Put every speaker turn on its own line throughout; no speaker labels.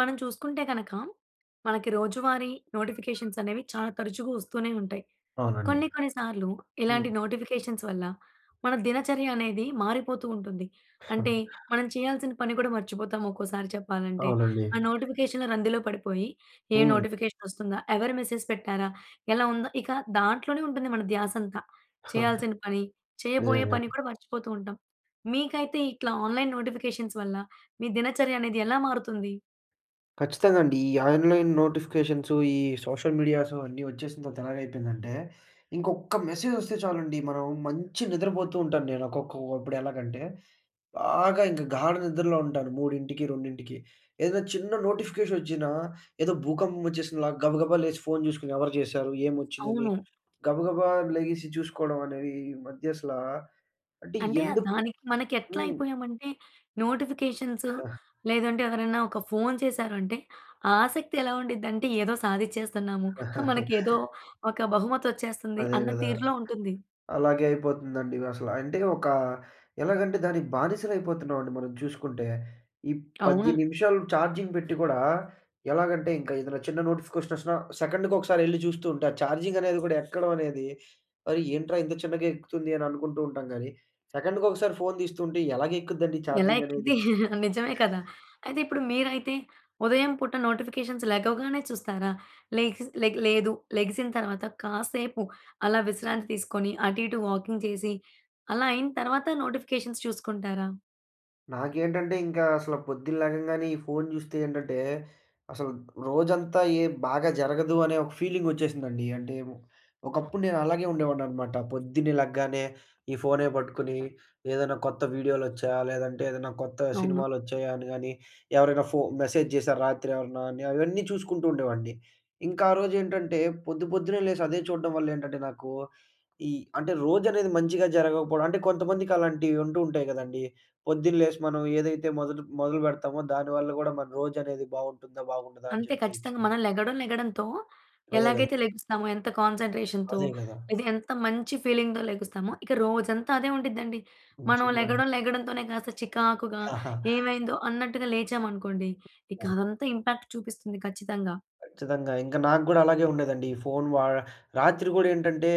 మనం చూసుకుంటే కనక, మనకి రోజువారీ నోటిఫికేషన్స్ అనేవి చాలా తరచుగా వస్తూనే ఉంటాయి.
అవునండి.
కొన్ని కొన్ని సార్లు
హ్మ్.
ఇలాంటి నోటిఫికేషన్స్ వల్ల మన దినచర్య అనేది మారిపోతూ ఉంటుంది. అంటే, మనం చేయాల్సిన పని కూడా మర్చిపోతాం ఒక్కోసారి చెప్పాలంటే.
అవునండి.
ఆ నోటిఫికేషన్‌ల రందిలో పడిపోయి, ఏ
హ్మ్.
నోటిఫికేషన్ వస్తుందా, ఎవరు మెసేజ్ పెట్టారా, ఎలా ఉందా, ఇక దాంట్లోనే ఉంటుంది మన ధ్యాస అంతా.
ఆ!
చేయాల్సిన పని, చేయబోయే పని
నిజంగానే.
కూడా మర్చిపోతూ ఉంటాం. మీకైతే ఇట్లా ఆన్‌లైన్ నోటిఫికేషన్స్ వల్ల మీ దినచర్య అనేది ఎలా మారుతుంది?
ఖచ్చితంగా అండి. ఈ ఆన్‌లైన్ నోటిఫికేషన్సు, ఈ సోషల్ మీడియాస్ అన్నీ వచ్చేసిన తర్వాత ఎలాగ అయిపోయిందంటే, ఇంకొక్క మెసేజ్ వస్తే చాలండి, మనం మంచి నిద్రపోతూ ఉంటాను నేను ఒక్కకొక్కప్పుడు ఎలాగంటే, బాగా ఇంక గాఢ నిద్రలో ఉంటాను 3కి, 2కి. ఏదైనా చిన్న నోటిఫికేషన్ వచ్చినా, ఏదో భూకంపం వచ్చేసినలా గబగబా లేసి ఫోన్ చూసుకొని, ఎవరు చేశారు, ఏం వచ్చిందని,
అవును.
గబగబా లెగిసి చూసుకోవడం అనేది ఈ మధ్య అసల, అంటే
అంటే, ఆ
ఎందుకు?
దానికి మనకి ఎట్లా
హ్మ్.
అయిపోయాము అంటే, నోటిఫికేషన్స్, లేదంటే ఎవరైనా ఒక ఫోన్ చేసారు అంటే, ఆసక్తి ఎలా ఉండి‌ద్దంటే ఏదో సాధించేస్తున్నాము, మనకి ఏదో ఒక బహుమతి వచ్చేస్తుంది,
అదే
అన్న
కదా!
తీరులో ఉంటుంది.
అలాగే అయిపోతుందండి. అసలు అంటే ఒక ఎలాగంటే దానికి బానిసలు అయిపోతున్నామండి మనం చూసుకుంటే. ఈ 10
అవును.
నిమిషాలు చార్జింగ్ పెట్టి కూడా ఎలాగంటే, ఇంకా ఏదైనా చిన్న నోటిఫికేషన్ వచ్చినా సెకండ్‌కి ఒకసారి వెళ్లి చూస్తుంటే, ఆ చార్జింగ్ అనేది కూడా ఎక్కడం అనేది, అరే ఏంట్రా! ఇంత చిన్నగా ఎక్కుతుంది అని అనుకుంటూ ఉంటాం కానీ, సెకండ్‌కి ఒకసారి ఫోన్ తీస్తుంటే ఎలాగ ఎక్కుద్దండి
ఎలా
చార్జింగ్
ఎక్కిద్ది,
అనేది?
నిజమే కదా! అయితే ఇప్పుడు మీరైతే ఉదయం పూట నోటిఫికేషన్స్ లెగవగానే చూస్తారా? లెగిసిన లే లేదు లెగిసిన తరువాత, కాసేపు అలా విశ్రాంతి తీసుకొని, అటు ఇటు వాకింగ్ చేసి, అలా అయిన తరువాత నోటిఫికేషన్స్ చూసుకుంటారా?
నాకేంటంటే ఇంకా అసల పొద్దున్న లెగంగానే ఈ ఫోన్ జూస్తే ఏంటంటే, అసలు రోజంతా ఏ బాగా జరగదు అనే ఒక ఫీలింగొచ్చేసిందండి. అంటే ఒ ఒకప్పుడు నేను అలాగే ఉండేవాడిననమాట. పొద్దున్నే లెగ్గానే ఈ ఫోనే పట్టుకుని, ఏదన్నా కొత్త వీడియోలొచ్చాయా, లేదంటే ఏదన్నా కొత్త
అవును.
సినిమాలొచ్చాయా? అని గానీ ఎవరైనా ఫో మెసేజ్ జేశారా రాత్రెవరన్నా? అని అవన్నీ చూసుకుంటూ ఉండేవాడిని. ఇంక ఆ రోజేంటంటే, పొద్దు పొద్దున్నే లేసి అదే చూడడం వల్ల ఏంటంటే, నాకూ ఈ అంటే రోజనేది మంచిగా జరగకపోడం, అంటే కొంతమందికి అలాంటివుంటూ ఉంటాయి గదండీ! పొద్దున్న లేసి మనం ఏదైతే మొదట మొదలుపెడతామో దానివల్ల గూడా మన రోజనేది బావుంటుందా? బాగుండదా? అని
అంతే
జెప్పేయొచ్చు.
ఖచ్చితంగా, మనం లెగడం లెగడంతో
అదే గదా!
ఎలాగైతే లెగుస్తామో ఎంత కాన్సంట్రేషన్‌తో.
అదే గదా!
అయితే ఎంత మంచి ఫీలింగ్‌తో లెగుస్తామో, ఇక రోజంతా అదే ఉండిద్దండి. మనం
నిజంగానే.
లెగడం లెగడం తోనే కాస్త చికాకుగా ఏవైందో అన్నట్టుగా లేచామనుకోండి, ఇక
ఆ!
అదంతా ఇంపాక్ట్ చూపిస్తుంది ఖచ్చితంగా.
ఖచ్చితంగా. ఇంక నాకు గూడా అలాగే ఉండేదండి. ఈ ఫోన్ వాడ రాత్రి గూడా ఏంటంటే,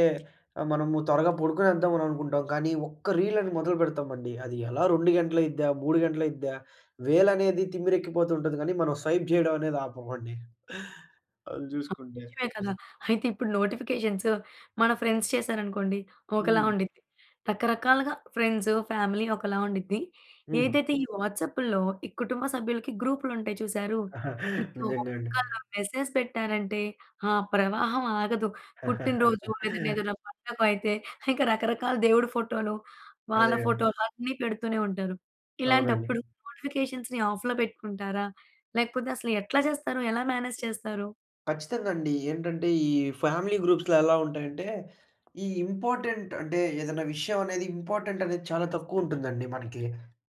ఆహ్, మనము త్వరగా పడుకొనేద్దామని అని అనుకుంటాం. కానీ ఒక్క రీలని మొదలుపెడతామండి. అది ఎలా 2 గంటలయిద్దా, 3 గంటలయిద్దా, వేలనేది తిమ్మిరెక్కిపోతు ఉంటది గానీ, మనం స్వైప్ జేయడమనేది ఆపమండి, అది జూసుకుంటే.
నిజమే కదా! అయితే ఇప్పుడు నోటిఫికేషన్స్ మన ఫ్రెండ్స్ చేశారనుకోండి, ఒకలా
హ్మ్.
ఉండిద్ది. రకరకాలుగా ఫ్రెండ్స్, ఫ్యామిలీ ఒకలా ఉండిద్ది.
హ్మ్.
ఏదైతే ఈ వాట్సాప్పుల్లో ఈ కుటుంబ సభ్యులకి గ్రూపులుంటాయి చూసారూ, ఇక ఒక్క
నిజంగా అండి.
మెసేజ్ పెట్టారంటే ఆ ప్రవాహం ఆగదు. పుట్టినరోజు ఏదన్నా ఏదన్నా పండగయితే ఇంకా రకరకాల దేవుడి ఫోటోలు, వాళ్ళ
అదేగా.
ఫోటోలన్నీ పెడుతూనే ఉంటారు.
అవునండి.
ఇలాంటప్పుడు నోటిఫికేషన్స్‌ని ఆఫ్‌లో పెట్టుకుంటారా, లేకపోతే అసలు ఎట్లా జేస్తారు? ఎలా మేనేజ్ చేస్తారు?
ఖచ్చితంగండి. ఏంటంటే, ఈ ఫ్యామిలీ గ్రూప్స్‌లో ఎలా ఉంటాయంటే, ఈ ఇంపార్టెంట్ అంటే ఏదైనా విషయమనేది ఇంపార్టెంటనేది చాలా తక్కువుంటుందండి మనకీ.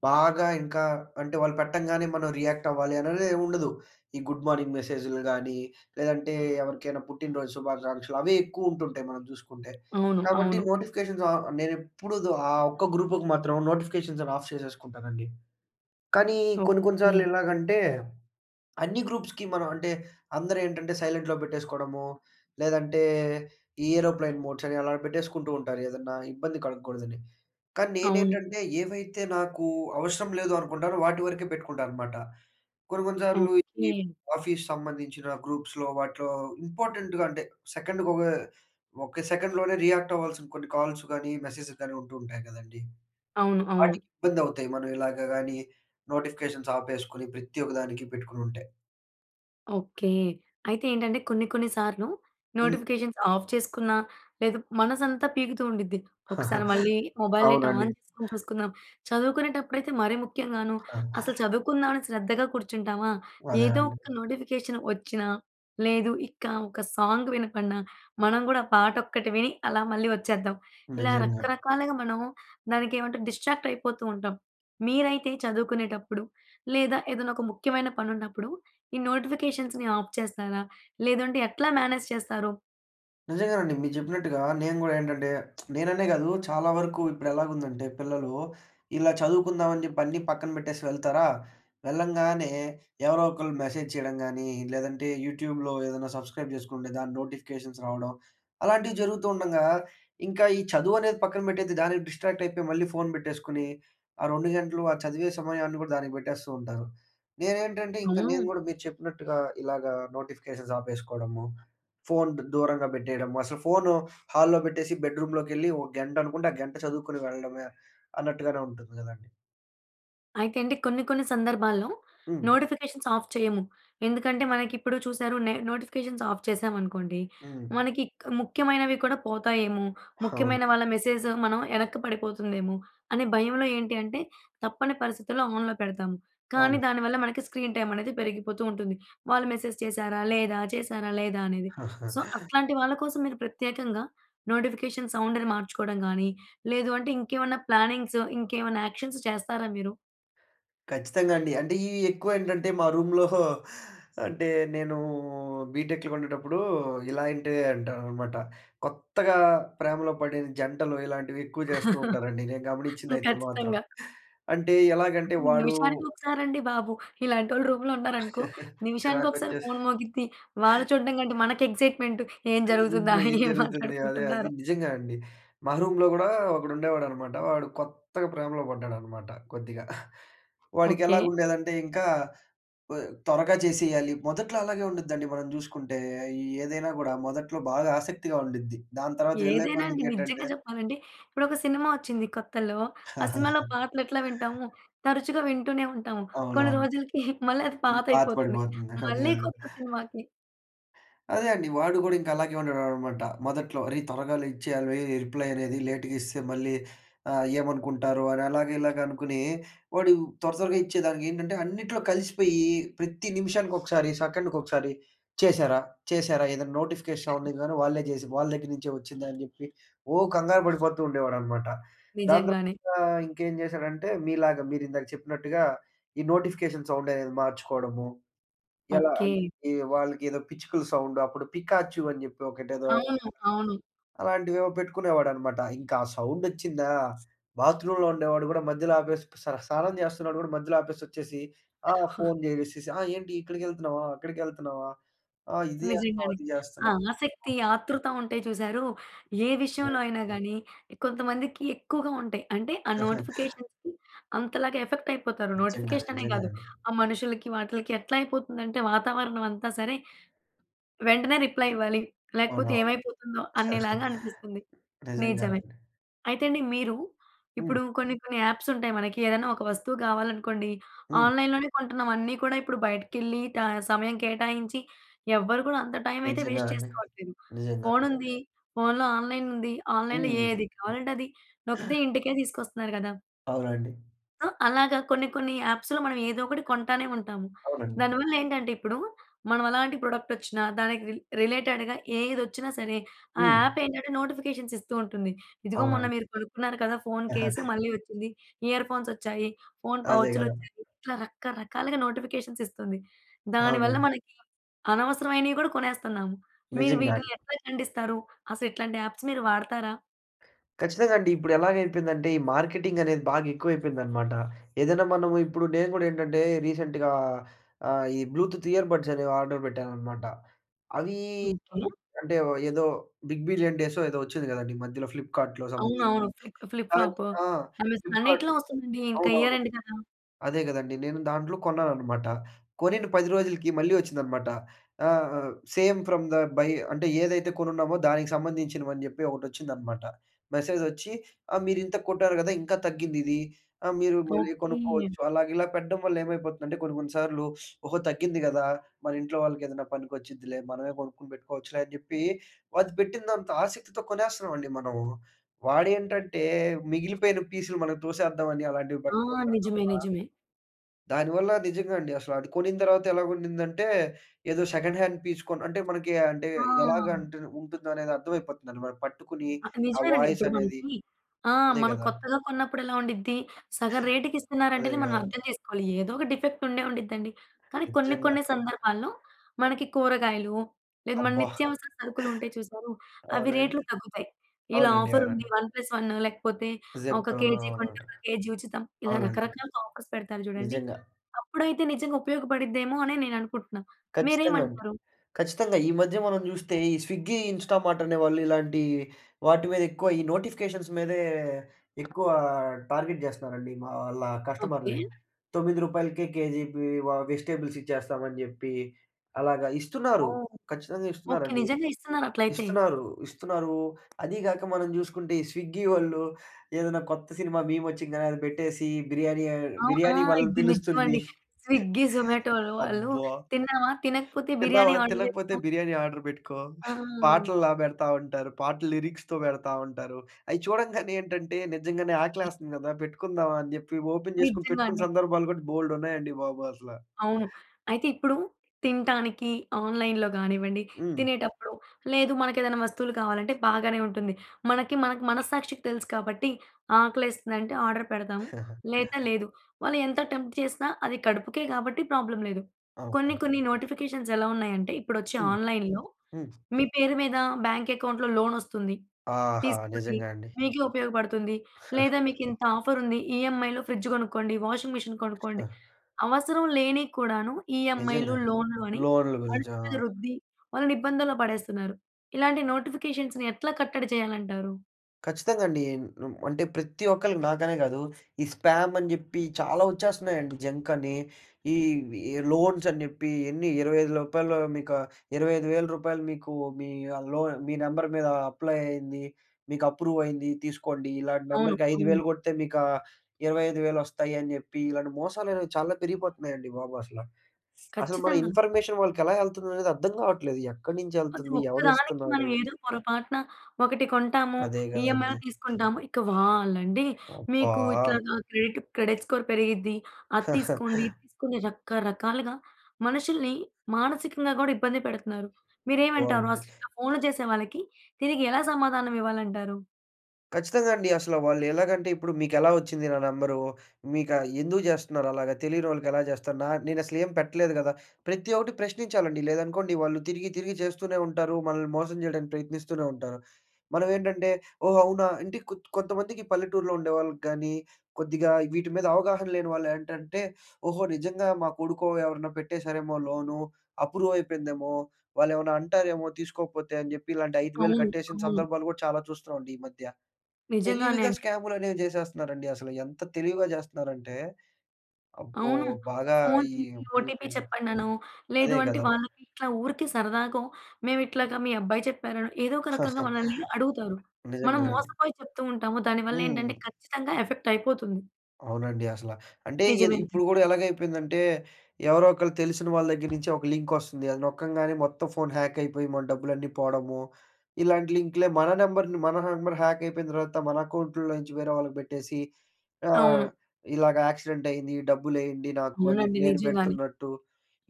బాగా ఇంకా అంటే వాళ్ళు పెట్టంగానే మనం రియాక్టవ్వాలి అనేది ఏమి ఉండదు. ఈ గుడ్ మార్నింగ్ మెసేజ్‌లు గానీ, లేదంటే ఎవరికైనా పుట్టిన రోజు శుభాకాంక్షలు, అవే ఎక్కువుంటుంటాయి మనం జూసుకుంటే.
అవును.
కాబట్టి
అవును.
నోటిఫికేషన్స్ ఆహ్, నేనెప్పుడూ ఆ ఒక్క గ్రూప్‌కి మాత్రం నోటిఫికేషన్స్ అన్ని ఆఫ్ చేసేసుకుంటానండి. కానీ కొన్ని కొన్ని
ఓకే.
సార్లు ఎలాగంటే అన్ని గ్రూప్స్‌కి మనం అంటే అందరూ ఏంటంటే సైలెంట్‌లో పెట్టేసుకోడమూ, లేదంటే ఈ ఏరోప్లేన్ మోడ్సని అలా పెట్టేసుకుంటూ ఉంటారు, ఏదన్నా ఇబ్బంది కలగగూడదని. కానీ
అవును.
నేనేంటంటే, ఏవైతే నాకు అవసరం లేదు అనుకుంటానో వాటి వరకే పెట్టుకుంటాన అనమాట. కొన్ని కొన్ని సార్లు ఈ ఈ
ఓకే.
ఆఫీస్ సంబంధించిన గ్రూప్స్‌లో వాటిలో ఇంపార్టెంట్‌గా అంటే, సెకండ్‌గొక, ఒక్క సెకండ్‌లోనే రియాక్టవ్వాల్సిన కొన్ని కాల్స్ గానీ, మెసేజెలు గాని ఉంటూ ఉంటాయి గదండీ!
అవును. అవును.
వాటికి ఇబ్బందవుతాయి. మనం ఇలాగ గాని నోటిఫికేషన్స్ ఆపేసుకొని ప్రతి ఒక్క దానికి పెట్టుకునుంటే.
ఓకే. అయితే ఏంటంటే, కొన్ని కొన్ని సార్లు
హ్మ్.
నోటిఫికేషన్స్ ఆఫ్ చేసుకున్న, లేదు మనసంతా పీకుతూ ఉండిద్ది. ఒకసారి మళ్ళీ మొబైల్ డేటా
అవునండి.
ఆన్ చేసుకొని చూసుకుందాం. చదువుకునేటప్పుడైతే మరీ ముఖ్యంగాను.
ఆ!
అసలు చదువుకుందాం అని శ్రద్ధగా కూర్చుంటామా,
అదే
ఏదో
అండి.
ఒక నోటిఫికేషన్ వచ్చిన, లేదు ఇక ఒక సాంగ్ వినబడిన, మనం గూడా ఆ పాట ఒక్కటి విని అలా మళ్ళీ వచ్చేద్దాం. ఇలా
నిజంగా.
రకరకాలుగా మనం దానికి ఏమంటే డిస్‌ట్రాక్ట్ అయిపోతూ ఉంటాం. మీరైతే చదువుకునేటప్పుడు, లేదా ఏదైనా ఒక ముఖ్యమైన పని ఉన్నప్పుడు ఈ నోటిఫికేషన్స్‌ని ఆఫ్ చేస్తారా? లేదంటే ఎట్లా మేనేజ్ చేస్తారు?
నిజంగానండి. మీరు చెప్పినట్టుగా నేను గూడా ఏంటంటే, నేననే కాదు చాలా వరకు ఇప్పుడు ఎలాగుందంటే పిల్లలు, ఇలా చదువుకుందాం అని చెప్పి అన్ని పక్కన పెట్టేసి వెళ్తారా, వెళ్ళంగానే ఎవరోకళ్ళు మెసేజ్ చేయడం గాని, లేదంటే యూట్యూబ్‌లో ఏదైనా సబ్‌స్క్రైబ్ చేసుకుంటే దాన్ని నోటిఫికేషన్స్ రావడం. అలాంటివి జరుగుతూండంగా, ఇంకా ఈ చదువు అనేది పక్కన పెట్టేసి దానికి డిస్‌ట్రాక్ట్ అయిపోయి మళ్ళీ ఫోన్ పెట్టేసుకొని ఆ 2 గంటలు ఆ చదివే సమయాన్ని కూడా దానికి పెట్టేస్తూ ఉంటారు. నేను ఏంటంటే, ఇంకా నేను
అవును.
కూడా మీరు చెప్పినట్టుగా ఇలాగా నోటిఫికేషన్స్ ఆపేసుకోవడము. ఫోన్ దూరంగా పెట్టేయడము. అసలు ఫోను హాల్లో పెట్టేసి బెడ్‌రూమ్‌లోకేళ్లి ఒక గంట అనుకుంటే, ఆ గంట చదువుకొని వెళ్ళడమే అన్నట్టుగానే ఉంటుంది కదండీ.
అయితే అండి, కొన్ని కొన్ని సందర్భాల్లో
హ్మ్.
నోటిఫికేషన్స్‌ ఆఫ్ చేయము. ఎందుకంటే మనకిప్పుడు చూశారు నే నోటిఫికేషన్స్‌ను ఆఫ్ చేశామనుకోండి.
హ్మ్.
మనకి క్ ముఖ్యమైనవి కూడా పోతాయేమో, ముఖ్యమైన
అవునండి.
వాళ్ల మెసేజ్ మనం వెనక్కి పడిపోతుందేమో, అనే భయంలో ఏంటంటే, తప్పని పరిస్థితుల్లో ఆన్‌లో పెడతాము. కానీ
అవును.
దానివల్ల మనకి స్క్రీన్ టైమ్ అనేది పెరిగిపోతూ ఉంటుంది. వాళ్లు మెసేజ్ చేశారా లేదా, చేశారా లేదా అనేది. సో, అట్లాంటి వాళ్ల కోసం మీరు ప్రత్యేకంగా నోటిఫికేషన్ సౌండ్‌ను మార్చుకోవడం కానీ, లేదు అంటే ఇంకేమన్నా ప్లానింగ్స్, ఇంకేమన్నా యాక్షన్స్ చేస్తారా మీరు?
ఖచ్చితంగా అండి. అంటే ఈ ఎక్కువ ఏంటంటే మా రూమ్‌లో అంటే నేను బీటెక్‌లో ఉన్నప్పుడు, ఇలాంటివి అంటానమాట. కొత్తగా ప్రేమలో పడిన జంటలు ఇలాంటివి ఎక్కువ చేస్తూ ఉంటారండి. నేను గమనించింది అయితే మాత్రం.
ఖచ్చితంగా.
అంటే ఎలాగంటే వాడు
నిమిషానికి ఒకసారి అండి బాబు. ఇలాంటోళ్లు రూమ్‌లో ఉన్నారనుకో, నిమిషానికొకసారి
చిరాకొచ్చేసి
ఫోన్ మోగిద్ది. వాళ్లు చూడటం కంటే మనకు ఎక్సైట్‌మెంట్. ఏం జరుగుతుందా?
ఏంట్రా? ఏం
ఏం
జరుగుతుంది? అదే అది
మాట్లాడుకుంటున్నారొ?
నిజంగా అండి. మా రూమ్‌లో కూడా ఒకడు ఉండేవాడన్నమాట. వాడు కొత్తగా ప్రేమలో పడ్డాడన్నమాట కొద్దిగా. వాడికి
ఓకే.
ఎలాగుండేదంటే ఇంకా ఆహ్, త్వరగా చేసేయాలి. మొదట్లో అలాగే ఉండుద్దండి మనం చూసుకుంటే. ఏదైనా కూడా మొదట్లో బాగా ఆసక్తిగా ఉండుద్ది. దాని తర్వాత ఏళ్లు
ఏదైనా అండి.
కొందుకి ఏంటంటే
నిజంగా చెప్పాలంటే, ఇప్పుడొక సినిమా ఒచ్చింది కొత్తలో. ఆ సినిమాలో పాటలెట్లా వింటాము! తరచుగా వింటూనే ఉంటాము. కొన్ని
అవునవును.
రోజులకి మళ్ళీ అది
పాత
పాతైపోతుంది.
పడిపోతుంది. అదే
మళ్ళి
అదే.
కొత్త సినిమాకి
అదే అండి. వాడు కూడా ఇంకా అలాగే ఉండేవాడన్నమాట మొదట్లో. "అరే, త్వరగా ఇచ్చేయాలి. రిప్లై అనేది లేట్‌గా ఇస్తే మళ్లీ ఆహ్, ఏమనుకుంటారో" అని అలాగా ఇలాగ అనుకుని, వాడు త్వర త్వరగా ఇచ్చేదానికి, ఏంటంటే అన్నిట్లో కలిసిపోయి ప్రతి నిమిషానికి, ఒకసారి సెకండ్‌కి ఒకసారి "చేశారా? చేశారా?" ఏదైనా నోటిఫికేషన్ సౌండ్ కానీ, వాళ్లే చేసి వాళ్ల దగ్గర నుంచే వచ్చిందా అని చెప్పి, ఓహ్! కంగారు పడిపోతూ ఉండేవాడన్నమాట. దాని
నిజంగానే.
తర్వాత ఇంకేం చేశాడంటే, మీలాగా మీరు ఇందాక చెప్పినట్టుగా, ఈ నోటిఫికేషన్ సౌండ్ అనేది మార్చుకోవడము. ఎలా అంటే
ఓకే.
వాళ్లకేదో పిచ్చుకల సౌండ్ అప్పుడు పికాచు అని చెప్పి ఒకటేదో
అవును. అవును.
అలాంటివేవో పెట్టుకునేవాడన్నమాట. ఇంకా సౌండ్ వచ్చిందా? బాత్రూమ్‌లో ఉండేవాడు కూడా మధ్యలో ఆపేసి, స్నానం చేస్తున్నవాడు కూడా మధ్యలో ఆపేసి వచ్చేసి ఆహ్, ఫోన్ చేసేసి, "ఆ! ఏంటి? ఇక్కడికి వెళ్తున్నావా? అక్కడికి వెళ్తున్నావా? ఆహ్, ఇది చేస్తున్నావు,
నిజంగానే.
అది
ఆ
చేస్తున్నావు"
ఆసక్తి, ఆతృత ఉంటాయి చూశారు! ఏ విషయంలో
[unintelligible]
అయినా గానీ, కొంతమందికి ఎక్కువగా ఉంటాయి. అంటే ఆ నోటిఫికేషన్స్‌కి అంతలాగా ఎఫెక్ట్ అయిపోతారు.
నిజంగా.
నోటిఫికేషన్ అనే కాదు,
నిజంగానండి.
ఆ మనుషులకి వాటిలకి ఎట్లా అయిపోతుంది అంటే వాతావరణం అంతా సరే. వెంటనే రిప్లై ఇవ్వాలి, లేకపోతే
అవునవును.
ఏమైపోతుందో అనేలాగా అనిపిస్తుంది. నిజమే.
నిజంగానండి.
అయితే అండి, మీరు ఇప్పుడు
హ్మ్.
కొన్ని కొన్ని యాప్స్ ఉంటాయి. మనకి ఏదైనా ఒక వస్తువు కావాలనుకోండి,
హ్మ్.
ఆన్‌లైన్‌లోనే కొంటున్నాం. అన్నీ కూడా ఇప్పుడు బయటికెళ్లి ట సమయం కేటాయించి ఎవ్వరూ కూడా అంత టైమ్ అయితే వేస్ట్
నిజంగానండి.
చేసుకోవట్లేదు.
నిజంగా.
ఫోన్ ఉంది, ఫోన్‌లో ఆన్‌లైన్ ఉంది. ఆన్‌లైన్‌లో
హ్మ్.
ఏది కావాలంటే అది, నొక్కితే ఇంటికే తీసుకొస్తున్నారు గదా!
అవునండి.
అ! అలాగా కొన్ని, కొన్ని యాప్స్‌లో మనం ఏదో ఒకటి కొంటానే ఉంటాము.
అవునండి.
దానివల్లేంటంటే ఇప్పుడు, మనం ఎలాంటి ప్రొడక్టొచ్చినా దానికి రి రిలేటెడ్‌గా ఏదొచ్చినా సరే, ఆ
హ్మ్.
యాప్ ఏంటంటే నోటిఫికేషన్స్ ఇస్తూ ఉంటుంది. ఇదిగో మొన్న
అవునండి.
మీరు కొనుక్కున్నారు కదా ఫోను కేసు మళ్ళీ ఒచ్చింది, ఇయర్‌ఫోన్సొచ్చాయి, ఫోను
అదే గదా!
పౌచ్‌లొచ్చాయి. ఇట్లా రకరకాలుగా నోటిఫికేషన్స్ ఇస్తుంది. దానివల్ల
అవునండి.
మనకి అనవసరమైనవి గూడా కొనేస్తున్నాము. మీరు
నిజంగా.
వీటిని ఎట్లా ఖండిస్తారు? అసలు ఇట్లాంటి యాప్స్‌ మీరు వాడతారా?
కచ్చితంగా అండి. ఇప్పుడెలాగయిపోయిందంటే, ఈ మార్కెటింగ్ అనేది బాగా ఎక్కువైపోయిందన్నమాట. ఏదైనా మనము ఇప్పుడు నేను కూడా ఏంటంటే రీసెంట్‌గా ఆహ్, ఈ బ్లూటూత్ ఇయర్ బడ్స్ అనేవి ఆర్డర్ పెట్టానన్నమాట. అవి
ఓకే.
కో అంటే, ఓ ఏదో బిగ్ బిలియన్ డేసో ఏదో వచ్చింది గదండీ! మధ్యలో ఫ్లిప్‌కార్ట్‌లో సంబధించింది.
అవునవును. ప్లిప్ట్ ఫ్లిప్
అన్
ఫ్లాపు.
ఆ!
అమెజాన్
ఫ్లిప్‌కార్ట్
అన్నిట్లో ఒస్తుందండి. ఇంకా ఇయర్
అవునవును.
ఎండ్ కదా!
అదే గదండీ! నేను దాంట్లో కొన్నానన్నమాట. కొనిన 10 రోజులకి మళ్ళీ వచ్చిందన్నమాట. ఆహ్, సేమ్ ఫ్రామ్ ద బై అంటే ఏదైతే కొనున్నామో, దానికి సంబంధించినవని జెప్పి ఒకటొచ్చిందన్నమాట. మెసేజొచ్చి ఆహ్, మీరింత కొట్టారు గదా! ఇంకా తగ్గింది ఇది ఆహ్, మీరు మళ్ళీ
ఓకే.
కొనుక్కోవచ్చు. అలాగా ఇలా పెట్టడం వల్ల ఏమైపోతుందంటే కొన్ని, కొన్ని సార్లు, ఓహో! తగ్గింది గదా! మన ఇంట్లో వాళ్ళకేదైనా పనికొచ్చుద్దిలే, మనమే కొనుక్కొని పెట్టుకోవచ్చులే అని జెప్పి అది పెట్టినంత ఆసక్తితో కొనేస్తున్నామండి మనము. వాడేంటంటే మిగిలిపోయిన పీసులు మన‌కి తోసేద్దాం అని అలాంటివి
ఆ!
పెడుతూ ఉంటాడు
నిజమే.
తప్పా
నిజమే.
దానివల్ల నిజంగా అండి. అసలు అది కొనిన తర్వాత ఎలాగఉండిదంటే, ఏదో సెకండ్ హాండ్ పీస్ కొని అంటే మనకి అంటే ఎలాగా
ఆ!
అంటే ఉంటుందో అనేది అర్థమైపోతుందండి. వాడు పట్టుకుని,
ఆ!
ఆ
నిజమేనండి.
వాయిస్
ఇప్పుడు
అనేది
మనకి ఆ!
అదే
మనం
గదా!
కొత్తగా కొన్నప్పుడు ఎలా ఉండిద్ది. సగం రేటుకి
అదే
ఇస్తున్నారంటేనే మనం
కదా!
అర్థం జేసుకోవాలి. ఏదో ఒక డిఫెక్ట్ ఉండే ఉండిద్దండి. కానీ కొన్ని,
నిజంగా.
కొన్ని సందర్భాల్లో మనకి కూరగాయలు, లేదా మన
అబ్బా!
నిత్యావసర సరుకులు ఉంటాయి చూసారు అవి రేట్లు
అవునండి.
తగ్గుతాయి. ఇలా
అవునండి.
ఆఫరుంది
అవునండి.
వన్ ప్లస్ వన్ లేకపోతే ఒక
జెప్టో
కేజీ కొంటే,
అవునండి.
ఒక కేజీ ఉచితం. ఇలా
అవునండి.
రకరకాలుగా ఆఫర్స్ పెడతారు చూడండి.
నిజంగా.
అప్పుడైతే నిజంగా ఉపయోగపడుద్దేమో అని నేను అనుకుంటున్నాను.
ఖచ్చితంగా అండి.
మీరేమంటారు?
ఖచ్చితంగా. ఈ మధ్య మనం జూస్తే ఈ స్విగ్గీ, ఇన్‌స్టామార్ట్ అనేవాళ్ళు ఇలాంటి వాటి మీద ఎక్కువ ఈ నోటిఫికేషన్స్ మీదే ఎక్కువ టార్గెట్ జేస్తున్నారండి. మా వాళ్ళ
ఓకే.
కస్టమర్‌లని. రూ. 9 రూపాయలకే కేజీ బివ వెజిటబుల్స్ ఇచ్చేస్తాం అని చెప్పి, అలాగా ఇస్తున్నారు.
ఓహ్!
ఖచ్చితంగా
ఓకే.
ఇస్తున్నారండి.
నిజంగా ఇస్తున్నారట్లయితే.
ఇస్తున్నారు. ఇస్తున్నారు. అది గాక మనం జూసుకుంటే ఈ స్విగ్గీ వాళ్ళు ఏదైనా కొత్త సినిమా మీమొచ్చింగానే అది పెట్టేసి బిర్యానీ అ
అవ్ ఆ!
బిర్యానీ వాళ్ళని
ఇది నిజం
పిలుస్తుంది.
అండి. స్విగ్గీ, జొమాటోలు వాళ్ళు
అబ్బా!
తిన్నావా? తినకపోతే బిర్యానీ
తిన్నావా,
ఆర్డర్
తినకపోతే
జేసుకో
బిర్యానీ ఆర్డర్ బెట్టుకో,
ఆ!
పాటల్లా బెడతా ఉంటారు. పాటలు లిరిక్స్‌తో బెడతా ఉంటారు. అయి చూడంగానే ఏంటంటే, నిజంగానే ఆకలేస్తుంది కదా! పెట్టుకుందాం అని జెప్పి, ఓపెన్ జేసుకొని
నిజంగా
పెట్టుకున్న
అండి.
సందర్భాలు కూడా బోలెడున్నాయండి బాబు అసల.
అవును. అయితే ఇప్పుడు తినటానికి ఆన్‌లై‌న్‌లో గానివ్వండి,
హ్మ్.
తినేటప్పుడు, లేదు మనకేదైనా వస్తువులు కావాలంటే బాగానే ఉంటుంది. మనకి మనకు మనస్సాక్షికి తెలుసు కాబట్టి ఆకలేస్తుందంటే, ఆర్డర్ పెడదాం లేత లేదు. వాళ్ళు ఎంత టెంప్ట్ చేసినా అది కడుపుకే గాబట్టి ప్రాబ్లమ్ లేదు. కొన్ని,
అవునండి.
కొన్ని నోటిఫికేషన్స్ ఎలా ఉన్నాయంటే, ఇప్పుడొచ్చే
హ్మ్.
ఆన్‌లై‌న్‌‌లో,
హ్మ్
మీ పేరు మీద బ్యాంక్ అకౌంట్‌లో లోనొస్తుంది.
ఆహా!
తీసుకోండి.
నిజంగా అండి.
మీకే ఉపయోగపడుతుంది. లేదా మీకు ఇంత ఆఫర్ ఉంది. ఈఎంఐలో ఫ్రిడ్జ్ కొనుక్కోండి, వాషింగ్ మిషన్ కొనుక్కోండి.
ఆ!
అవసరం లేనివి కూడాను ఈఎంఐ‌లు,
నిజంగా‌నే.
లోన్‌లు అని
లోన్‌‌లు
వాళ్ళ
గురించా?
మీద
ఆ!
రుద్ది, వాళ్ళని ఇబ్బందుల్లో పడేస్తున్నారు. ఇలాంటి నోటిఫికేషన్స్‌ని ఎట్లా కట్టడి చేయాలంటారు?
ఖచ్చితంగా అండి. ఏం ఉమ్ అంటే ప్రతి ఒక్కళ్లకి, నాకనే కాదు, ఈ స్పామ్ అని చెప్పి చాలా వచ్చేస్తున్నాయండి. జంక్ అని, ఈ లోన్స్ అని చెప్పి, "ఎన్ని 25 రూపాయలు, మీకు రూ. 25000 రూపాయలు, మీ లోన్ మీ నెంబర్ మీద అప్లై అయ్యింది. మీకు అప్రూవ్ అయింది. తీసుకోండి. ఇలాంటి
అవును.
నెంబర్‌కి ఐదు
హ్మ్.
వేలు కొడితే మీకా 25000 వస్తాయి" అని చెప్పి, ఇలాంటి మోసాలనేవి చాలా పెరిగిపోతున్నాయండి బాబు అసల. అసలు మన
ఖచ్చితంగా!
ఇన్ఫర్మేషన్ వాళ్లకెలా ఎళ్తుందనేది అర్థం కావట్లేదు. ఎక్కడి నుంచి
అది
ఎళ్తుంది?
ఒక్కదానికి
ఎవడిస్తున్నాడు?
మనం ఏదో పొరపాటున ఒకటి కొంటాము.
అదే కదండీ.
ఈఎంఐలో తీసుకుంటాము. ఇక వాళ్లండి,
అబ్బా!
"మీకు ఇట్లాగా క్రెడిట్ క్రెడిట్ స్కోర్ పెరిగిద్ది, అది తీసుకోండి, ఇది తీసుకోండి" అని రకరకాలుగా మనుషుల్ని మానసికంగా కూడా ఇబ్బంది పెడుతున్నారు.
అబ్బా!
మీరేమంటారు
అండి.
అసలు ఇట్లా ఫోన్‌లు చేసే వాళ్లకి? దీనికి ఎలా సమాధానం ఇవ్వాలంటారు?
ఖచ్చితంగా అండి. అసలు వాళ్లు ఎలాగంటే, ఇప్పుడు మీకెలా వచ్చింది నా నెంబరు? మీకా ఎందుకు చేస్తున్నారు అలాగా? తెలియనోళ్లకి ఎలా చేస్తారు? నా నేనసలు ఏం పెట్టలేదు కదా! ప్రతి ఒకటి ప్రశ్నించాలండి. లేదనుకోండి, వాళ్లు తిరిగి, తిరిగి చేస్తూనే ఉంటారు. మనల్ని మోసం చేయడానికి ప్రయత్నిస్తూనే ఉంటారు. మనం ఏంటంటే, "ఓహ్! అవునా?" అంటే కొత్ కొంతమందికి పల్లెటూర్లో ఉండేవాళ్లకి కానీ, కొద్దిగా వీటి మీద అవగాహన లేని వాళ్లు ఏంటంటే, "ఓహో! నిజంగా మా కొడుకో ఎవరైనా పెట్టేసరేమో లోను, అప్రూవ్ అయిపోయిందేమో, వాళ్లేమైనా అంటారేమో తీసుకోకపోతే" అని చెప్పి, ఇలాంటి 5000
అవును.
కట్టేసిన
అవును.
సందర్భాలు కూడా చాలా చూస్తున్నాం అండి ఈ మధ్య.
నిజంగానే
తెలివిగా
అండి.
స్కాములు అనేవి చేసేస్తున్నారండి. అసలు ఎంత తెలివిగా చేస్తున్నారంటే, అబ్బో!
అవును.
బాగా
ఫోన్
ఈ
చేసి ఓటీపీ
పెరిగిపోయినయి.
చెప్పండనో, లేదు
అదే
అంటే
కదా!
వాళ్లకి ఇట్లా ఊరికే సరదాగో, "మేము ఇట్లాగా మీ అబ్బాయి చెప్పారనో" ఏదో ఒక రకంగా మనల్ని అడుగుతారు. మనం
నిజంగా అండి.
మోసపోయి చెప్తూ ఉంటాము. దానివల్ల ఏంటంటే
హ్మ్.
ఖచ్చితంగా ఎఫెక్ట్ అయిపోతుంది.
అవునండి అసల. అంటే ఇది
నిజమేనండి.
ఇప్పుడు కూడా ఎలాగ అయిపోయిందంటే ఎవరో ఒకరు తెలిసిన వాళ్ళ దగ్గర నుంచి ఒక లింక్ వస్తుంది. అది నొక్కంగానే మొత్తం ఫోన్ హ్యాక్ అయిపోయి మన డబ్బులన్నీ పోవడము. ఇలాంటి లింక్‌లే మన నంబర్‌ని మన నంబర్ హ్యాక్ అయిపోయిన తర్వాత మన అకౌంట్‌లో నుంచి వేరే వాళ్ళకి పెట్టేసి, ఆహ్,
అవును.
ఇలాగా "యాక్సిడెంట్ అయింది. డబ్బులేయండి నాకు" అని
అవునండి.
చెప్పి నేను
నిజంగానే.
పెడుతున్నట్టు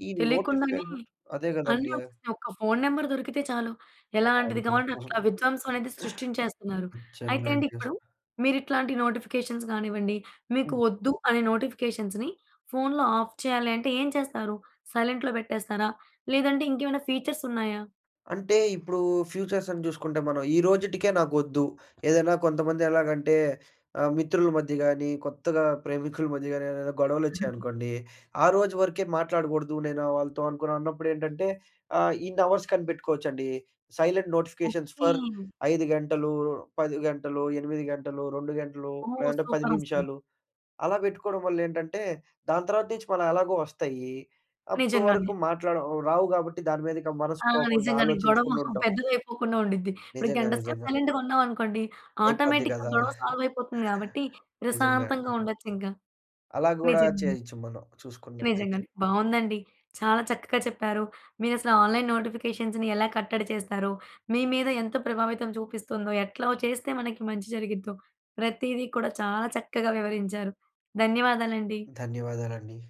ఈ
తెలియకుండానే
నోటిఫికేషన్ అదే కదండీ!
అన్ని వస్తున్నాయి. ఒక్క ఫోన్ నంబర్ దొరికితే చాలు. ఎలాంటిది కావాలంటే అట్లా విధ్వంసం అనేది
[unintelligible]
సృష్టించేస్తున్నారు.
నిజంగా
అయితే అండి,
అండి అసలు.
ఇప్పుడు మీరు ఇట్లాంటి నోటిఫికేషన్స్ కానివ్వండి, మీకు
హ్మ్.
వద్దు అనే నోటిఫికేషన్స్‌ని ఫోన్‌లో ఆఫ్ చేయాలి అంటే ఏం చేస్తారు? సైలెంట్‌లో పెట్టేస్తారా? లేదంటే ఇంకేమైనా ఫీచర్స్ ఉన్నాయా?
అంటే ఇప్పుడు ఫ్యూచర్స్ సంగతి చూసుకుంటే, మనం ఈ రోజుటికే నాకొద్దు. ఏదైనా కొంతమంది ఎలాగంటే ఆహ్, మిత్రుల మధ్య గానీ, కొత్తగా ప్రేమికుల మధ్య గానీ ఏదైనా గొడవలు వచ్చాయనుకోండి, "ఆ రోజు వరకే మాట్లాడకూడదు నేను వాళ్ళతో" అనుకున్నాం. అన్నప్పుడు ఏంటంటే ఆహ్, ఇన్ని అవర్స్ కనిపెట్టుకోవచ్చండి. Silent notifications for
okay.
5 గంటలు, 10 గంటలు, 8 గంటలు, 2 గంటలు,
ఓహ్!
లేదంటే 10
సూపర్ అసలు!
నిమిషాలు అలా పెట్టుకోవడం వల్ల ఏంటంటే, దాని తర్వాత నుంచి మన ఎలాగో వస్తాయి. అప్పటి
నిజంగానే.
వరకు మాట్లాడడం రావు కాబట్టి దాని మీదిక మనసు
ఆ!
పోకుండా
నిజంగానే. గొడవ
ఆలోచించకుండా ఉంటాం.
పెద్దది అయిపోకుండా ఉండిద్ది. ఇప్పుడు
నిజంగా.
గంట సేపు
నిజంగా.
సైలెంట్‌గా ఉన్నాం అనుకోండి,
అయిపోద్ది
ఆటోమేటిక్‌గా
కదా!
గొడవ సాల్వ్ అయిపోతుంది కాబట్టి
నిజంగా అండి.
ప్రశాంతంగా ఉండొచ్చు ఇంకా.
అలా కూడా
నిజమే.
చేయొచ్చు మనం చూసుకున్నట్టయితే.
నిజంగానే. బావుందండి. చాలా చక్కగా చెప్పారు. మీరు అసలు ఆన్‌లైన్ నోటిఫికేషన్స్‌ని ఎలా కట్టడి చేస్తారో, మీ మీద ఎంత ప్రభావితం చూపిస్తుందో, ఎట్లా వో చేస్తే మనకి మంచి జరిగిద్దో, ప్రతిదీ కూడా చాలా చక్కగా వివరించారు. ధన్యవాదాలండి.
ధన్యవాదాలండి.